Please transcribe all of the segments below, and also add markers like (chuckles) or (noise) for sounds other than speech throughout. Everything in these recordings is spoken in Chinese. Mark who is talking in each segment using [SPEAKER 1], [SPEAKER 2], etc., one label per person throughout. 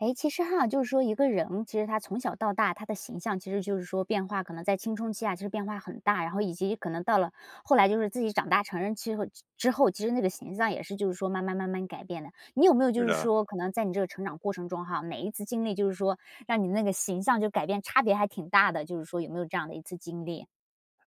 [SPEAKER 1] 哎，其实哈就是说一个人，其实他从小到大他的形象，其实就是说变化可能在青春期啊其实变化很大，然后以及可能到了后来就是自己长大成人之后之后，其实那个形象也是就是说慢慢慢慢改变的。你有没有
[SPEAKER 2] 是
[SPEAKER 1] 就是
[SPEAKER 2] 的。
[SPEAKER 1] 说，可能在你这个成长过程中哈，每一次经历就是说，让你那个形象就改变差别还挺大的，就是说有没有这样的一次经历？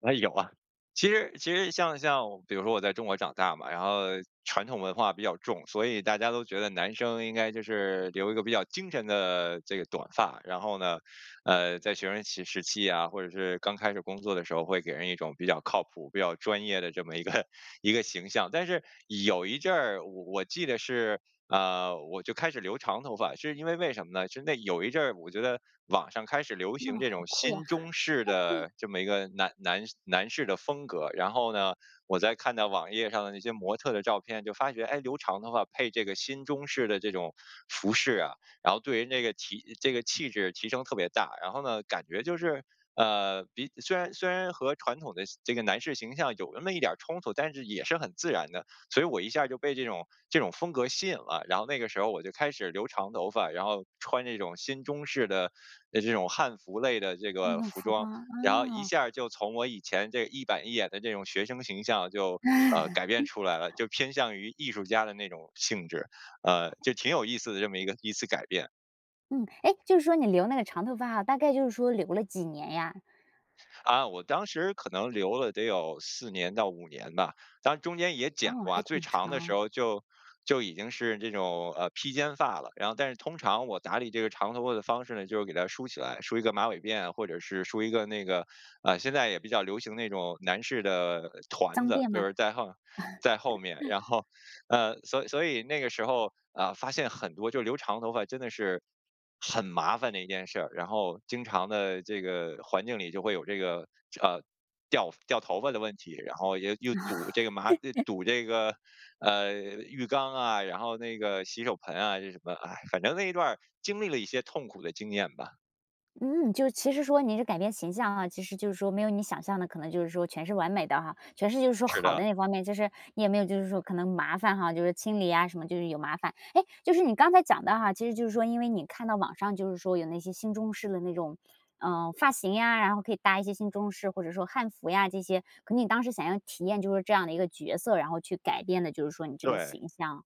[SPEAKER 2] 哎，有啊。其实其实像像，比如说我在中国长大嘛，然后传统文化比较重，所以大家都觉得男生应该就是留一个比较精神的这个短发，然后呢，呃，在学生期时期啊，或者是刚开始工作的时候，会给人一种比较靠谱，比较专业的这么一个一个形象。但是有一阵儿，我我记得是，啊，我就开始留长头发，是因为为什么呢？是那有一阵我觉得，网上开始流
[SPEAKER 1] 那
[SPEAKER 2] 行这
[SPEAKER 1] 好
[SPEAKER 2] 种
[SPEAKER 1] 酷呀。
[SPEAKER 2] 新中式
[SPEAKER 1] (laughs)
[SPEAKER 2] 的这么一个男男男士的风格，然后呢，我再看到网页上的那些模特的照片就发觉，哎，留长头发配这个新中式的这种服饰啊，然后对于那个提这个气质提升特别大。然后呢，感觉就是，呃，比虽然虽然和传统的形这个男士形象有那么一点儿冲突，但是也是很自然的。所以我一下就被这种这种风格吸引了，然后那个时候我就开始留长头发，然后穿那种新中式的，呃，这种汉服类的这
[SPEAKER 1] 那
[SPEAKER 2] 个
[SPEAKER 1] 种
[SPEAKER 2] 服
[SPEAKER 1] 服
[SPEAKER 2] 装，
[SPEAKER 1] 装，
[SPEAKER 2] 然后一
[SPEAKER 1] 啊。
[SPEAKER 2] 下儿就从我以前这一板一眼的这种学生形象就，呃，改变出来了，
[SPEAKER 1] (laughs)
[SPEAKER 2] 就偏向于艺术家的那种性质。呃，就挺有意思的这么一个一次改变。
[SPEAKER 1] 嗯。诶，就是说你留那个长头发大概就是说留了几年呀？
[SPEAKER 2] 啊，我当时可能留了得有4年到5年吧。当中间也剪
[SPEAKER 1] 哦，
[SPEAKER 2] 过啊，
[SPEAKER 1] 还
[SPEAKER 2] 最
[SPEAKER 1] 挺
[SPEAKER 2] 长的时
[SPEAKER 1] 长。
[SPEAKER 2] 候就，就已经是这种，呃，披肩发了。然后但是通常我打理这个长头发的方式呢，就是给它梳起来，梳一个马尾辫，或者是梳一个那个，啊，现在也比较流行那种男士的，团
[SPEAKER 1] 脏
[SPEAKER 2] 子，
[SPEAKER 1] 辫
[SPEAKER 2] 就
[SPEAKER 1] 吗？
[SPEAKER 2] 是在后在后面。
[SPEAKER 1] (laughs)
[SPEAKER 2] 然后，呃，所所以那个时候，啊，发现很多就留长头发真的是很麻烦的一件事儿。然后经常地这个，环境里就会有这个，啊，掉掉头发的问题，然后又又堵这个马啊，
[SPEAKER 1] (laughs)
[SPEAKER 2] 堵这个，呃，浴缸啊，然后那个洗手盆啊，这什么，唉。反正那一段儿经历了一些痛苦的经验吧。
[SPEAKER 1] 嗯，就是其实说你是改变形象啊，其实就是说，没有你想象的可能就是说全是完美的哈，全是就是说
[SPEAKER 2] 是
[SPEAKER 1] 好
[SPEAKER 2] 的。
[SPEAKER 1] 的那方面。就是你也没有就是说可能麻烦哈，就是清理啊什么，就是有麻烦。诶，就是你刚才讲的哈，其实就是说因为你看到网上就是说有那些新中式的那种，呃，发型呀，然后可以搭一些新中式或者说汉服呀这些。可你当时想要体验就是说这样的一个角色，然后去改变的就是说你这个
[SPEAKER 2] 对。
[SPEAKER 1] 形象。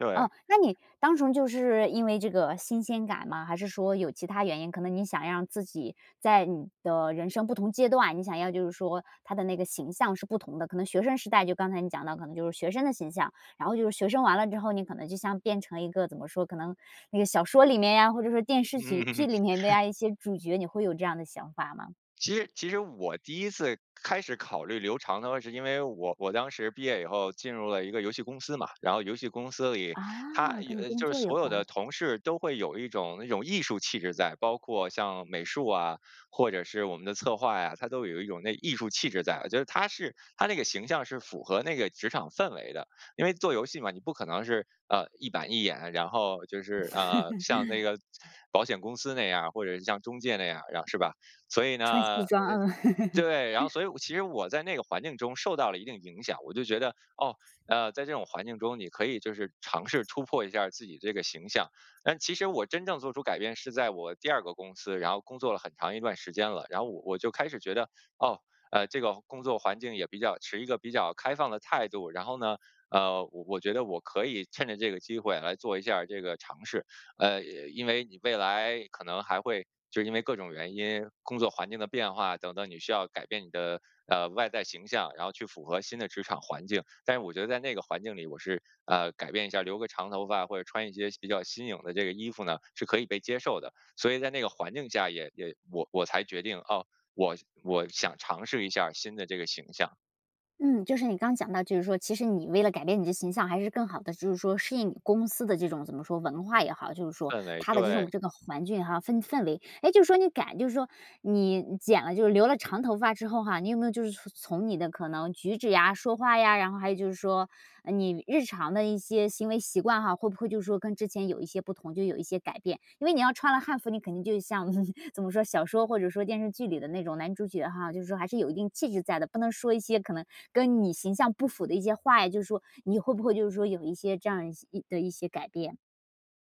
[SPEAKER 2] 对。
[SPEAKER 1] 哦，那你单纯就是因为这个新鲜感吗，还是说有其他原因？可能你想让自己在你的人生不同阶段，你想要就是说他的那个形象是不同的，可能学生时代就刚才你讲到可能就是学生的形象，然后就是学生完了之后，你可能就像变成一个怎么说，可能那个小说里面呀，或者是电视剧
[SPEAKER 2] 嗯。
[SPEAKER 1] 剧里面的
[SPEAKER 2] (chuckles)
[SPEAKER 1] 呀，一些主角，你会有这样的想法吗？
[SPEAKER 2] 其实其实我第1次开始考虑留长头发，是因为我我当时毕业以后进入了一个游戏公司嘛，然后游戏公司里它
[SPEAKER 1] 啊，
[SPEAKER 2] 也
[SPEAKER 1] 跟你
[SPEAKER 2] 呃，
[SPEAKER 1] 工
[SPEAKER 2] 就是
[SPEAKER 1] 作有
[SPEAKER 2] 所有的
[SPEAKER 1] 关。
[SPEAKER 2] 同事都会有一种那种艺术气质在，包括像美术啊，或者是我们的策划呀，它都有一种那艺术气质在，就是它是它那个形象是符合那个职场氛围的。因为做游戏嘛，你不可能是，呃，一板一眼，然后就是，呃，像那
[SPEAKER 1] (chuckles)
[SPEAKER 2] 个保险公司那样，或者是像中介那样，然后是吧。所以
[SPEAKER 1] 穿
[SPEAKER 2] 呢
[SPEAKER 1] 西
[SPEAKER 2] 呃，
[SPEAKER 1] 装，嗯。
[SPEAKER 2] 对，然后
[SPEAKER 1] (laughs)
[SPEAKER 2] 所以我其实我在那个环境中受到了一定影响。我就觉得，哦，呃，在这种环境中，你可以就是尝试突破一下自己这个形象。但其实我真正做出改变是在我第2个公司，然后工作了很长一段时间了，然后我我就开始觉得，哦，呃，这个工作环境也比较持一个比较开放的态度，然后呢，呃，我我觉得我可以趁着这个机会来做一下这个尝试。呃，因为你未来可能还会就是因为各种原因，工作环境的变化等等，你需要改变你的，呃，外在形象，然后去符合新的职场环境。但是我觉得在那个环境里我是，呃，改变一下，留个长头发或者穿一些比较新颖的这个衣服呢，是可以被接受的，所以在那个环境下也也我我才决定，哦，我我想尝试一下新的这个形象。
[SPEAKER 1] 嗯，就是你刚讲到，就是说其实你为了改变你的形象，还是更好地就是说适应你公司的这种，怎么说，文化也好就是说。
[SPEAKER 2] 氛围，
[SPEAKER 1] 它的这种
[SPEAKER 2] 对。
[SPEAKER 1] 这个环境哈氛氛围，诶，就说你改就是说你剪了就留了长头发之后哈，你有没有就是从从你的可能举止呀、说话呀，然后还有就是说，呃，你日常的一些行为习惯哈，会不会就是说跟之前有一些不同，就有一些改变？因为你要穿了汉服，你肯定就像 (chuckles) 怎么说，小说或者说电视剧里的那种男主角哈，就是说还是有一定气质在的，不能说一些可能跟你形象不符的一些话呀，就是说你会不会就是说有一些这样一的一些改变？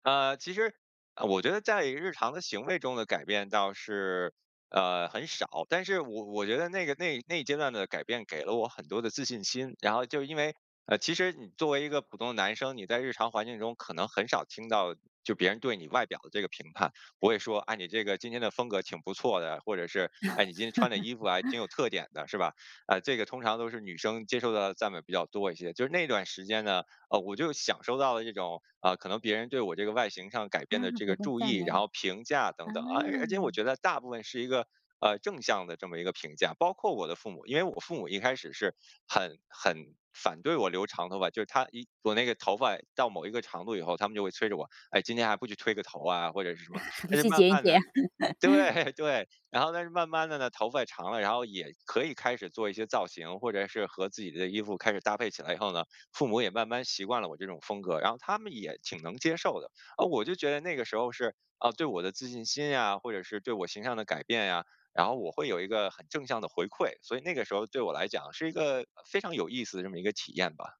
[SPEAKER 2] 呃，其实，呃，我觉得在日常的行为中的改变倒是，呃，很少。但是我我觉得那个那一那一阶段的改变，给了我很多的自信心，然后就因为，呃，其实你作为一个普通的男生，你在日常环境中可能很少听到，就别人对你外表的这个评判。不会说，“哎，你这个今天的风格挺不错的”，或者是，“哎，你今天穿的衣服还挺有
[SPEAKER 1] (laughs)
[SPEAKER 2] 特点的”，是吧？呃，这个通常都是女生接受的赞美比较多一些。就是那段时间呢，哦，我就享受到了这种，呃，可能别人对我这个外形上改
[SPEAKER 1] 啊，
[SPEAKER 2] 变的这
[SPEAKER 1] 别
[SPEAKER 2] 个
[SPEAKER 1] 的
[SPEAKER 2] 注
[SPEAKER 1] 赞
[SPEAKER 2] 意，然
[SPEAKER 1] 美，
[SPEAKER 2] 后评价等等。而而且我
[SPEAKER 1] 嗯。
[SPEAKER 2] 觉得大部分是一个，呃，正向的这么一个评价，包括我的父母。因为我父母一开始是很很反对我留长头发，就是他一我那个头发到某一个长度以后，他们就会催着我：“哎，今天还不去推个头啊？”或者是什
[SPEAKER 1] (laughs)
[SPEAKER 2] 么。
[SPEAKER 1] 还不
[SPEAKER 2] 但是
[SPEAKER 1] 去
[SPEAKER 2] 慢
[SPEAKER 1] 剪一
[SPEAKER 2] 慢
[SPEAKER 1] 剪。
[SPEAKER 2] 的
[SPEAKER 1] (laughs)
[SPEAKER 2] 对，对，然后但是慢慢的呢，头发长了，然后也可以开始做一些造型，或者是和自己的衣服开始搭配起来以后呢，父母也慢慢习惯了我这种风格，然后他们也挺能接受的。哦，我就觉得那个时候是，啊，对我的自信心呀，或者是对我形象的改变呀，然后我会有一个很正向的回馈，所以那个时候对我来讲是一个，呃，非常有意思的这么一个体验吧。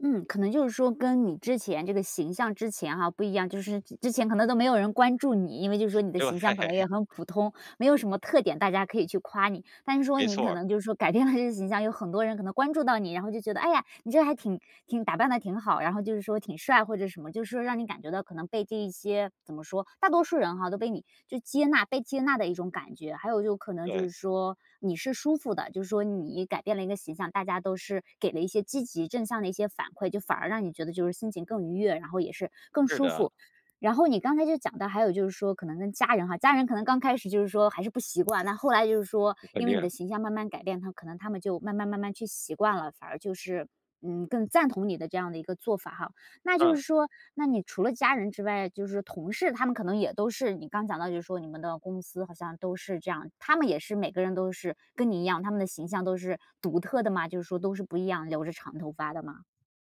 [SPEAKER 1] 嗯，可能就是说跟你之前这个形象之前哈不一样，就是之之前可能都没有人关注你，因为就是说你的
[SPEAKER 2] 对。
[SPEAKER 1] 形象可能也很普通，没有什么特点大家可以去夸你。但是说
[SPEAKER 2] 没
[SPEAKER 1] 你
[SPEAKER 2] 错
[SPEAKER 1] 可
[SPEAKER 2] 儿。
[SPEAKER 1] 能就是说改变了这个形象，有很多人可能关注到你，然后就觉得，哎呀，你这个还挺挺打扮得挺好，然后就是说挺帅或者什么，就是说让你感觉到可能被这一些怎么说，大多数人吼都被你就接纳，被接纳的一种感觉。还有就可能就
[SPEAKER 2] 对。
[SPEAKER 1] 是说你是舒服的，就是说你改变了一个形象，大家都是给了一些积极正向的一些反馈，就反而让你觉得就是心情更愉悦，然后也是更
[SPEAKER 2] 是
[SPEAKER 1] 舒
[SPEAKER 2] 的。
[SPEAKER 1] 服。然后你刚才就讲到，还有就是说可能跟家人哈，家人可能刚开始就是说还是不习惯，但后来就是说
[SPEAKER 2] 肯
[SPEAKER 1] 因为
[SPEAKER 2] 定
[SPEAKER 1] 你
[SPEAKER 2] 啊。
[SPEAKER 1] 的形象慢慢改变，他可能他们就慢慢慢慢去习惯了，反而就是，嗯，更赞同你的这样的一个做法哈。那就
[SPEAKER 2] 嗯。
[SPEAKER 1] 是说那你除了家人之外，就是同事，他们可能也都是，你刚讲到就是说你们的公司好像都是这样，他们也是每个人都是跟你一样，他们的形象都是独特的吗？就是说都是不一样，留着长头发的吗？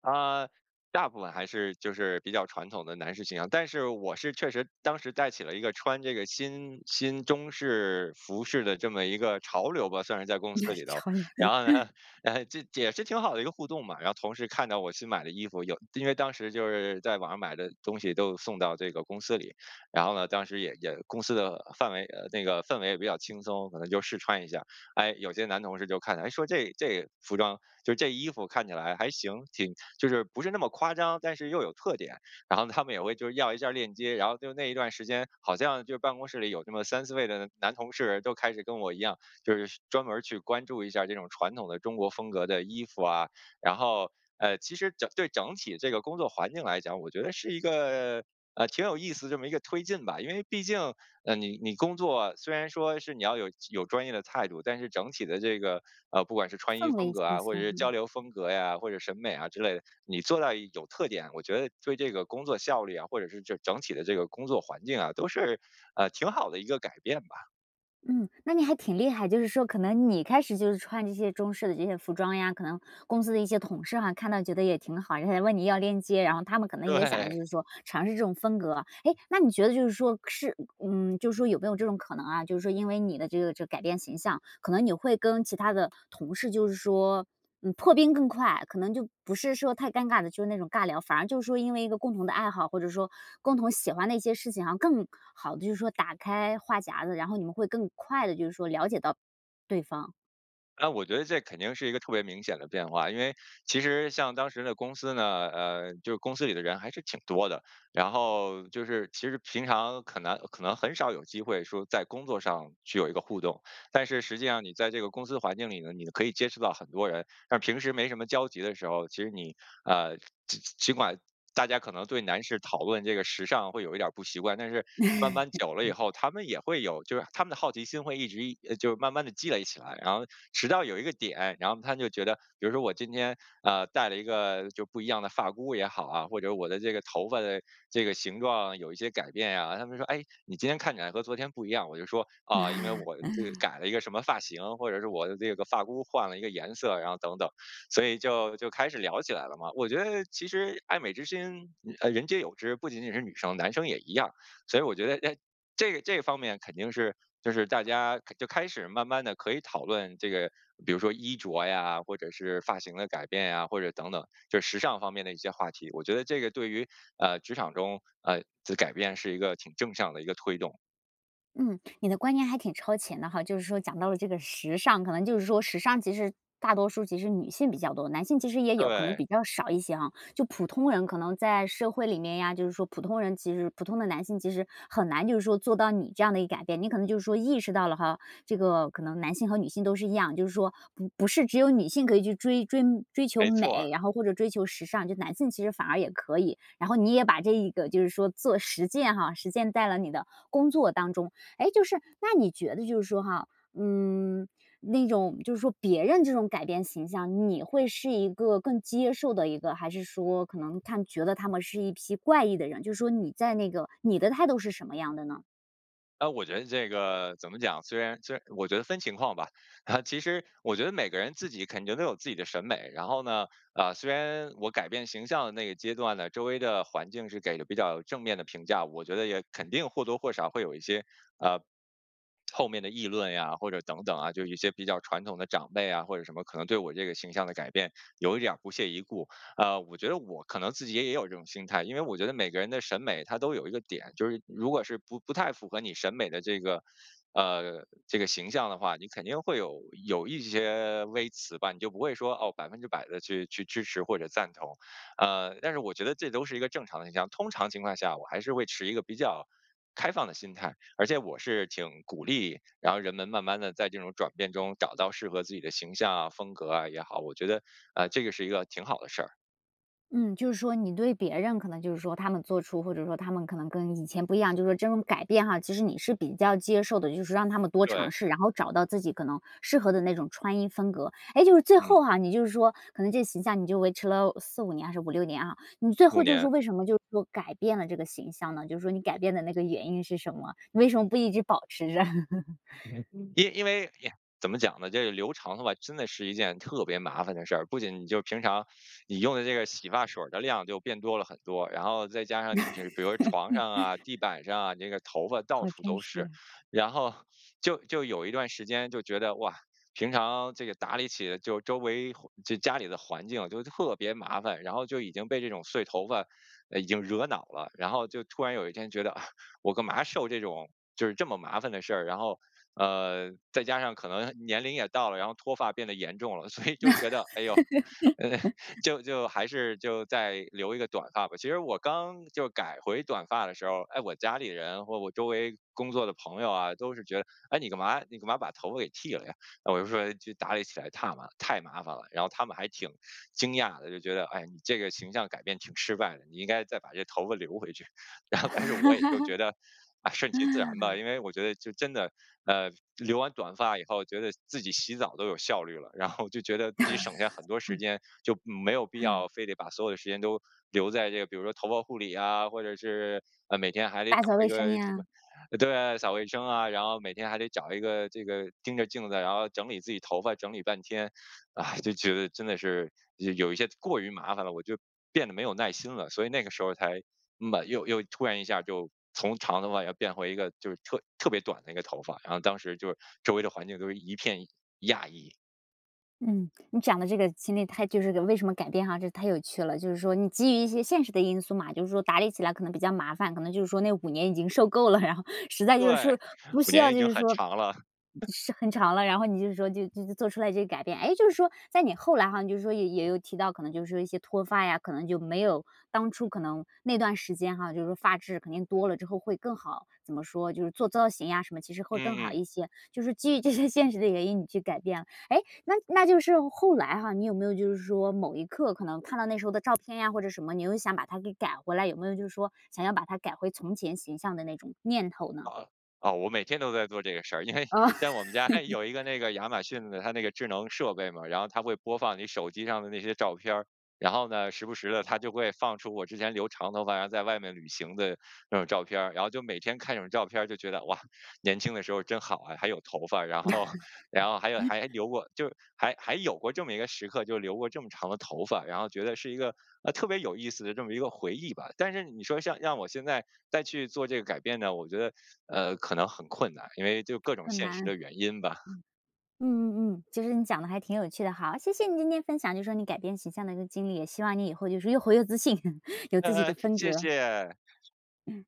[SPEAKER 2] 啊，大部分还是就是比较传统的男士形象，但是我是确实当时带起了一个穿这个新新中式服饰的这么一个潮流吧，算是在公司
[SPEAKER 1] (chuckles)
[SPEAKER 2] 里头，
[SPEAKER 1] 潮流。
[SPEAKER 2] 然
[SPEAKER 1] (chuckles)
[SPEAKER 2] 后，(chuckles) 这也是挺好的一个互动嘛。然后同事看到我新买的衣服，有因为当时就是在网上买的东西都送到这个公司里，然后呢，当时也也公司的范围呃，那个氛围也比较轻松，可能就试穿一下。哎，有些男同事就看了，说这这服装，就这衣服看起来还行，挺就是不是那么夸张，但是又有特点，然后他们也会就是要一下链接。然后就那一段时间，好像就办公室里有这么3-4位的男同事都开始跟我一样，就是专门去关注一下这种传统的中国风格的衣服啊。然后，呃，其实整对整体这个工作环境来讲，我觉得是一个，呃，挺有意思这么一个推进吧，因为毕竟，呃，你你工作虽然说是你要有有专业的态度，但是整体的这个，呃，不管是穿衣
[SPEAKER 1] 氛
[SPEAKER 2] 风
[SPEAKER 1] 围
[SPEAKER 2] 格
[SPEAKER 1] 轻
[SPEAKER 2] 啊，或者
[SPEAKER 1] 松，
[SPEAKER 2] 是交
[SPEAKER 1] 嗯。
[SPEAKER 2] 流风格呀，或者审美啊之类的，你做到有特点，我觉得对这个工作效率啊，或者是整整体的这个工作环境啊，都是，呃，挺好的一个改变吧。
[SPEAKER 1] 嗯，那你还挺厉害。就是说可能你开始就是穿这些中式的这些服装呀，可能公司的一些同事哈，看到觉得也挺好，人家也问你要链接，然后他们可能也想
[SPEAKER 2] 对。
[SPEAKER 1] 就是说尝试这种风格。诶，那你觉得就是说是嗯，就是说有没有这种可能啊，就是说因为你的这个这改变形象，可能你会跟其他的同事就是说，嗯破冰更快。可能就不是说太尴尬的，就是那种尬聊。反而就是说因为一个共同的爱好，或者说共同喜欢的一些事情，好像更好地就是说打开话匣子，然后你们会更快地就是说了解到对方。
[SPEAKER 2] 哎，我觉得这肯定是一个特别明显的变化。因为其实像当时的公司呢，呃，就是公司里的人还是挺多的。然后就是其实平常可能可能很少有机会说在工作上去有一个互动。但是实际上你在这个公司环境里呢，你的可以接触到很多人。但是平时没什么交集的时候，其实你，呃，尽尽管大家可能对男士讨论这个时尚会有一点儿不习惯，但是慢慢久了以后，他们也会有就是他们的好奇心会一直一，呃，就慢慢地积累起来。然后直到有一个点，然后他们就觉得比如说我今天，呃，戴了1个就不一样的发箍也好啊，或者我的这个头发的这个形状有一些改变呀。他们就说：“哎，你今天看起来和昨天不一样。”我就说：“啊，因为我这个改了一个什么发型。”或者是“我的这个发箍换了一个颜色。”然后等等。所以就，就开始聊起来了嘛。我觉得其实爱美之心，呃，人皆有之。不仅仅是女生，男生也一样。所以我觉得诶，这个这个方面肯定是就是大家开就开始慢慢地可以讨论这个，比如说衣着呀，或者是发型的改变呀，或者等等，就是时尚方面的一些话题。我觉得这个对于，呃，职场中，呃，自改变是一个挺正向的一个推动。
[SPEAKER 1] 嗯，你的观念还挺超前的哈，就是说讲到了这个时尚。可能就是说时尚其实大多数其实女性比较多，男性其实也有，可能
[SPEAKER 2] 对。
[SPEAKER 1] 比较少一些啊。就普通人可能在社会里面呀，就是说普通人其实普通的男性其实很难就是说做到你这样的一个改变，你可能就是说意识到了哈。这个可能男性和女性都是一样，就是说不不是只有女性可以去追追追求
[SPEAKER 2] 没错
[SPEAKER 1] 美。
[SPEAKER 2] 儿。
[SPEAKER 1] 然后或者追求时尚，就男性其实反而也可以。然后你也把这一个就是说做实践哈，实践在了你的工作当中。诶，就是那你觉得就是说哈，嗯，那种就是说别人这种改变形象，你会是一个更接受的一个，还是说可能看觉得他们是一批怪异的人，就是说你在那个你的态度是什么样的呢？
[SPEAKER 2] 呃，我觉得这个怎么讲，虽然虽然我觉得分情况吧。啊其实我觉得每个人自己肯定都有自己的审美，然后呢，啊，虽然我改变形象的那个阶段呢，周围的环境是给了比较正面的评价。我觉得也肯定或多或少会有一些，呃，(smacks lips) 后面的议论呀或者等等啊，就一些比较传统的长辈啊，或者什么可能对我这个形象的改变有点儿不屑一顾。啊，我觉得我可能自己也也有这种心态，因为我觉得每个人的审美它都有一个点，就是如果是不不太符合你审美的这个，呃，这个形象的话，你肯定会有，有一些微词吧，你就不会说，哦，100%的去去支持或者赞同。呃，但是我觉得这都是一个正常现象，通常情况下，我还是会持一个比较开放的心态，而且我是挺鼓励然后人们慢慢地在这种转变中找到适合自己的形象啊，风格啊也好，我觉得，呃，这个是一个挺好的事儿。
[SPEAKER 1] 嗯，就是说你对别人可能就是说他们做出，或者说他们可能跟以前不一样，就是说这种改变哈，其实你是比较接受的，就是让他们多尝
[SPEAKER 2] 对。
[SPEAKER 1] 试，然后找到自己可能适合的那种穿衣风格。哎，就是最
[SPEAKER 2] 嗯。
[SPEAKER 1] 后哈，你就是说可能这形象你就维持了4-5年还是5-6年哈，你最
[SPEAKER 2] 5
[SPEAKER 1] 后就是
[SPEAKER 2] 年。
[SPEAKER 1] 说，为什么就是说改变了这个形象呢，就是说你改变的那个原因是什么？你为什么不一直保持着？(chuckles)
[SPEAKER 2] (unintelligible) 因因为呀，怎么讲呢？这个留长头发，真的是一件特别麻烦的事儿。不仅你就平常 (sucks teeth) 你用的这个洗发水儿的量就变多了很多，然后再加上你比如比如床上啊，地
[SPEAKER 1] (chuckles)
[SPEAKER 2] 板上啊，你这个头发到
[SPEAKER 1] 好
[SPEAKER 2] 处
[SPEAKER 1] 真
[SPEAKER 2] 都是。
[SPEAKER 1] 实。
[SPEAKER 2] 然后就就有一段时间就觉得，哇，平常这个打理起就周围环就家里的环境就特别麻烦，然后就已经被这种碎头发，呃，已经惹恼了，然后就突然有一天觉得，啊，我干嘛受这种就是这么麻烦的事儿。然后，呃，再加上可能年龄也到了，然后脱发变得严重了，所以就觉得，哎呦，呃，
[SPEAKER 1] (laughs)
[SPEAKER 2] 就就还是就再留一个短发吧。其实我刚就改回短发的时候，哎，我家里人或我周围工作的朋友啊，都是觉得，“诶，你干嘛你干嘛把头发给剃了呀？”呃，我就说：“就打理起来太麻太麻烦了。”然后他们还挺惊讶的，就觉得“哎，你这个形象改变挺失败的，你应该再把这头发留回去。”然后但是我也就觉得，哎，顺其自然吧。因
[SPEAKER 1] (laughs)
[SPEAKER 2] 为我觉得就真的，呃，留完短发以后，觉得自己洗澡都有效率了，然后就觉得自己省下很多时
[SPEAKER 1] (laughs)
[SPEAKER 2] 间，就没有必要非得把所有的时间都留在这个，比如说头发护理呀，或者是，呃，每天还得
[SPEAKER 1] 打
[SPEAKER 2] 找
[SPEAKER 1] 扫卫
[SPEAKER 2] 一个
[SPEAKER 1] 生
[SPEAKER 2] 什么
[SPEAKER 1] 呀。
[SPEAKER 2] 对，扫卫生啊，然后每天还得找一个这个盯着镜子，然后整理自己头发，整理半天。唉，就觉得真的是，有一些过于麻烦了，我就变得没有耐心了，所以那个时候才麻又又突然一下就从长头发要变回一个就是特特别短的一个头发，然后当时就是周围的环境都是一片讶异。
[SPEAKER 1] 嗯，(smacks lips) 你讲得这个经历它就是跟为什么改变哈，这太有趣了。就是说你基于一些现实的因素嘛，就是说打理起来可能比较麻烦，可能就是说那5年已经受够了，(chuckles) 然后实在就是
[SPEAKER 2] 对，
[SPEAKER 1] 说，不
[SPEAKER 2] 5
[SPEAKER 1] 需
[SPEAKER 2] 年
[SPEAKER 1] 要
[SPEAKER 2] 已
[SPEAKER 1] 就
[SPEAKER 2] 经
[SPEAKER 1] 是
[SPEAKER 2] 很
[SPEAKER 1] 说
[SPEAKER 2] 长了。(chuckles)
[SPEAKER 1] 是很长了，然后你就是说，就就就做出了这些改变。诶，就是说，在你后来哈，就是说也也有提到，可能就是说一些脱发呀，可能就没有当初可能那段时间哈，就是说发质肯定多了之后会更好。怎么说，就是做造型什么呀其实会更
[SPEAKER 2] 嗯，
[SPEAKER 1] 好
[SPEAKER 2] 嗯。
[SPEAKER 1] 一些，就是基于这些现实的原因你去改变了。诶？那那就是后来哈，你有没有就是说某一刻可能看到那时候的照片呀或者什么，你又想把它给改回来，有没有就是说，想要把它改回从前形象的那种念头呢？
[SPEAKER 2] 哦，哦，我每天都在做这个事儿。因为，
[SPEAKER 1] 呃。
[SPEAKER 2] 像我们家
[SPEAKER 1] (laughs)
[SPEAKER 2] 有一个那个，亚马逊的它那个智能设备嘛，然后它会播放你手机上的那些照片儿。然后呢，时不时地它就会放出我之前留长头发，然后在外面旅行的那种照片儿，然后就每天看这种照片儿就觉得，哇，年轻的时候真好啊，还有头发，然后，然后还有还
[SPEAKER 1] (chuckles)
[SPEAKER 2] 留过，就是还还有过这么一个时刻，就留过这么长的头发。然后觉得是一个，呃，特别有意思的这么一个回忆吧。但是你说像让我现在再去做这改变呢，我觉得，呃，可能很困难，因为就各种
[SPEAKER 1] 很
[SPEAKER 2] 现
[SPEAKER 1] 难，
[SPEAKER 2] 实
[SPEAKER 1] 嗯。
[SPEAKER 2] 的原因吧。
[SPEAKER 1] 嗯嗯嗯，其实你讲得还挺有趣的哈，谢谢你今天分享就是说你改变形象的一个经历，也希望你以后就是说越活越自信，(chuckles) 有自己
[SPEAKER 2] 嗯，
[SPEAKER 1] 的
[SPEAKER 2] 嗯，
[SPEAKER 1] 风
[SPEAKER 2] 谢
[SPEAKER 1] 格。
[SPEAKER 2] 谢。
[SPEAKER 1] 嗯。